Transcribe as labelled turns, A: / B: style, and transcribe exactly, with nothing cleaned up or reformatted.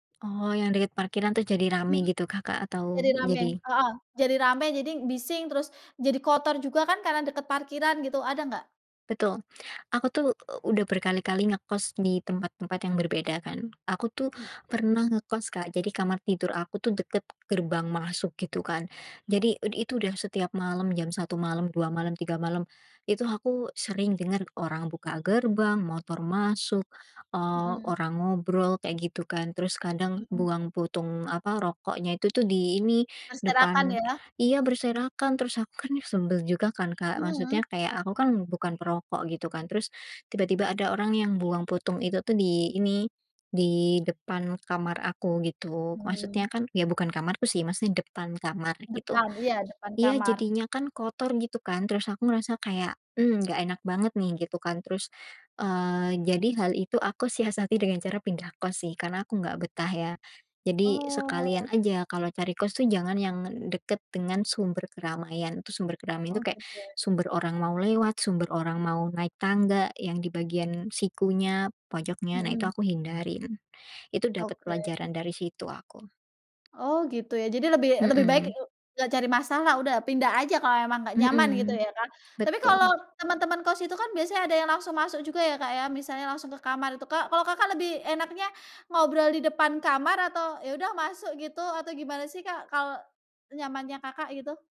A: Oh, yang dekat parkiran tu jadi ramai
B: Mhm.
A: gitu kah Kak atau
B: Jadi rame
A: jadi
B: heeh, jadi rame, jading bising, terus jadi kotor juga, kan, karena dekat parkiran gitu, ada enggak?
A: Betul. Aku tuh, eee, udah berkali-kali ngekos di tempat-tempat yang berbeda, kan. Aku tuh,
B: Mmm.
A: pernah ngekos, Kak. Jadi kamar tidur aku tuh, dekat gerbang masuk gitu, kan. Jadi ud itu udah setiap malam, jam satu malam dua malam tiga malam. Itu aku sering dengar orang buka gerbang, motor masuk, eee,
B: Mhm.
A: orang ngobrol kayak gitu, kan. Terus kadang
B: Mhm.
A: buang puntung, apa, rokoknya itu tuh, di ini,
B: Berserakan,
A: depan
B: ya.
A: iya berserakan. Terus aku, kan, sebel juga, kan, Kak.
B: Mhm.
A: Maksudnya kayak, aku kan bukan perokok gitu kan, terus tiba-tiba ada orang yang buang puntung itu, tuh, di ini, di depan kamar aku, gitu.
B: Mmm.
A: Maksudnya kan ya, bukan kamarku sih, maksudnya depan kamar gitu
B: Depan, iya depan
A: iya
B: kamar.
A: jadinya kan kotor gitu, kan. Terus aku ngerasa kayak, "Mmm, enggak enak banget, nih." Gitu, kan. Terus, eee, jadi hal itu aku siasati dengan cara pindah kos, sih, karena aku enggak betah, ya. Jadi sekalian
B: Oh.
A: aja kalau cari kos tuh, jangan yang dekat dengan sumber keramaian. Itu sumber keramaian
B: Oh,
A: tu kayak,
B: gitu, ya.
A: sumber orang mau lewat, sumber orang mau naik tangga, yang di bagian sikunya, pojoknya. Nah, itu
B: Mhm.
A: aku hindarin. Itu dapat
B: Oke.
A: pelajaran dari situ aku.
B: Oh gitu, ya. Jadi, lebih lebih baik
A: Mhm.
B: eng enggak cari masalah, udah pindah aja kalau emang enggak nyaman gitu,
A: Mhm,
B: ya, kan. Tapi kalau
A: betul.
B: teman-teman kos itu, kan, biasanya ada yang langsung masuk juga, ya, Kak, ya, misalnya langsung ke kamar itu, Kak. Kalau Kakak lebih enaknya ngobrol di depan kamar atau, "Ya udah masuk." Gitu, atau gimana, sih, Kak, kalau nyamannya Kakak, gitu?